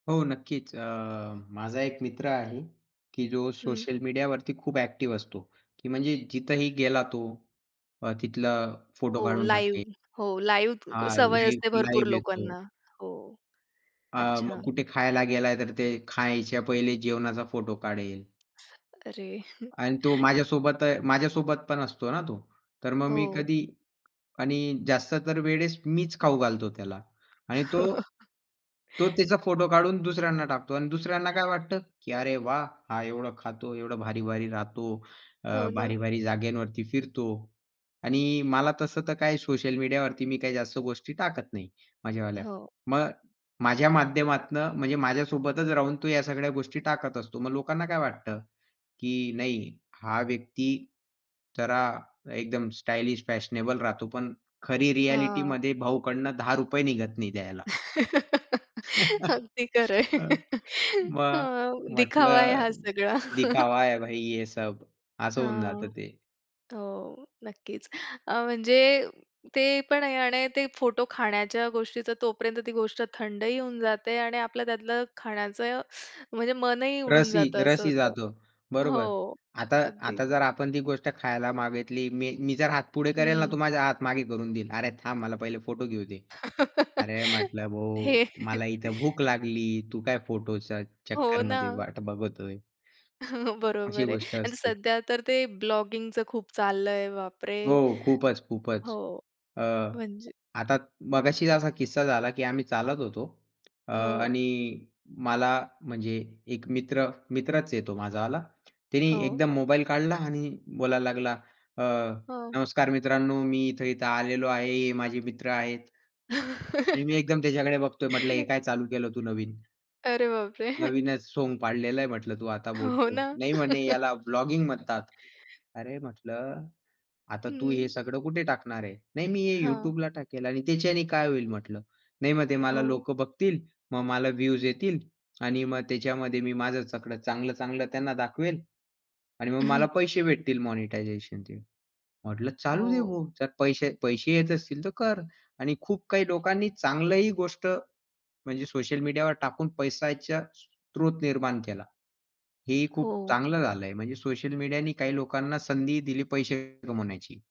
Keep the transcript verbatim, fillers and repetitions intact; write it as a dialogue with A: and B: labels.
A: हो, नक्कीच. अ, माझा एक मित्र आहे, की जो
B: हं.
A: सोशल मीडियावरती खूप ॲक्टिव्ह असतो, की म्हणजे जिथेही गेला तो, अ, तिथला
B: हो,
A: फोटो काढून टाकेल.
B: लाईव्ह हो लाईव्ह
A: हां,
B: सवय असते
A: लाईव्ह,
B: भरपूर
A: लाईव्ह येतो.
B: लोकांना. हो,
A: हां,
B: अच्छा.
A: मग कुठे खायला गेलाय तर ते खायच्या पहिले जेवणाचा फोटो काढेल.
B: अरे!
A: आणि तो माझ्यासोबत अ, माझ्यासोबत पण असतो ना तो. तर मग मी
B: हो.
A: कधी आणि जास्त तर वेळेस मीच खाऊ घालतो त्याला आणि तो तो त्याचा फोटो काढून दुसऱ्यांना टाकतो अन् दुसऱ्यांना काय वाटतं, की अरे वाह! हा एवढं खातो, एवढं भारी-भारी राहतो, अ,
B: हो ना.
A: भारी-भारी जागेवरती फिरतो आणि मला तसं तर काही सोशल मीडियावरती मी काही जास्त गोष्टी टाकत नाही माझ्यावाल्या.
B: हो.
A: मग माझ्या माध्यमातनं म्हणजे माझ्यासोबतच राहून तो या सगळ्या गोष्टी टाकत असतो. मग लोकांना काय वाटतं, की नाही हा व्यक्ती जरा एकदम स्टायलिश फॅशनेबल राहतो पण खरी
B: हां.
A: रिॲलिटीमध्ये भाऊकडंन दहा रुपये निघत नाही द्यायला.
B: अगदी खरं आहे.
A: हं, मग
B: हां, दिखावा आहे हा
A: म्हटलं,
B: सगळा.
A: दिखावा है भाई ये सब। असं होऊन जात
B: हां,
A: ते.
B: हो, नक्कीच. अ, म्हणजे ते पण आहे आणि ते फोटो खाण्याच्या गोष्टीचा तोपर्यंत ती गोष्ट थंडही होऊन जाते आणि आपलं त्यातलं खाण्याचं, म्हणजे मनही उडून
A: रसही
B: जातं असं
A: रसही
B: होतं.
A: जातो. बरोबर.
B: हो.
A: आता आता
B: अगदी.
A: जर आपण ती गोष्ट खायला मागितली, मी मी जर हात पुढे करेल ना,
B: हं.
A: तो माझा हात मागे करून देईल, "अरे थांब मला पहिले फोटो घेऊ दे." अरे म्हटलं, "भाऊ
B: हे.
A: मला इथे भूक लागली, तू काय फोटोचं
B: हो
A: चक्करमध्ये
B: ना.
A: वाट बघतोय?" अशी
B: बरोबर आहे
A: गोष्ट
B: आणि
A: असते.
B: सध्या तर ते ब्लॉगिंगचं खूप चाललं आहे बापरे.
A: हो, खूपच, खूपच.
B: हो,
A: अ,
B: म्हणजे
A: आता मगाशीच असा किस्सा झाला, की आम्ही चालत होतो अ,
B: हो.
A: आणि मला म्हणजे एक मित्र, मित्रच आहे तो माझावाला, त्याने
B: हो.
A: एकदम मोबाईल काढला आणि बोलायला लागला, अ,
B: हां.
A: "नमस्कार मित्रांनो मी इथे-इथे आलेलो आहे, हे माझे मित्र आहेत" आणि मी एकदम त्याच्याकडे बघतोय, म्हटलं, "हे काय चालू केलं तू नवीन!?"
B: अरे बापरे!
A: "नवीनच सोंग पाडलेला आहे" म्हटलं तू आता
B: हो
A: बोलतो.
B: ना.
A: नाही म्हणे, "याला ब्लॉगिंग म्हणतात." अरे म्हटलं, "आता तू हे
B: हं.
A: सगळं कुठे टाकणार आहे?" "नाही मी हे
B: हां.
A: YouTubeला टाकेल" "आणि त्याच्याने काय होईल?" म्हटलं. "नाही मग ते मला
B: हो.
A: लोक बघतील मग मला व्ह्यूज येतील आणि मग त्याच्यामध्ये मी माझं सगळं चांगलं-चांगलं त्यांना दाखवेल आणि मग
B: हं.
A: मला पैसे भेटतील" "मॉनिटायझेशनचे." म्हटलं, "चालू देऊ
B: हो.
A: भाऊ, जर पैसे पैसे येत असतील तर कर." आणि खूप काही लोकांनी चांगलंही गोष्ट म्हणजे सोशल मीडियावर टाकून पैशाचा स्त्रोत निर्माण केला. हे ही खूप
B: हो.
A: चांगलं झालं आहे. म्हणजे सोशल मीडियानी काही लोकांना संधीही दिली पैसे कमवण्याची.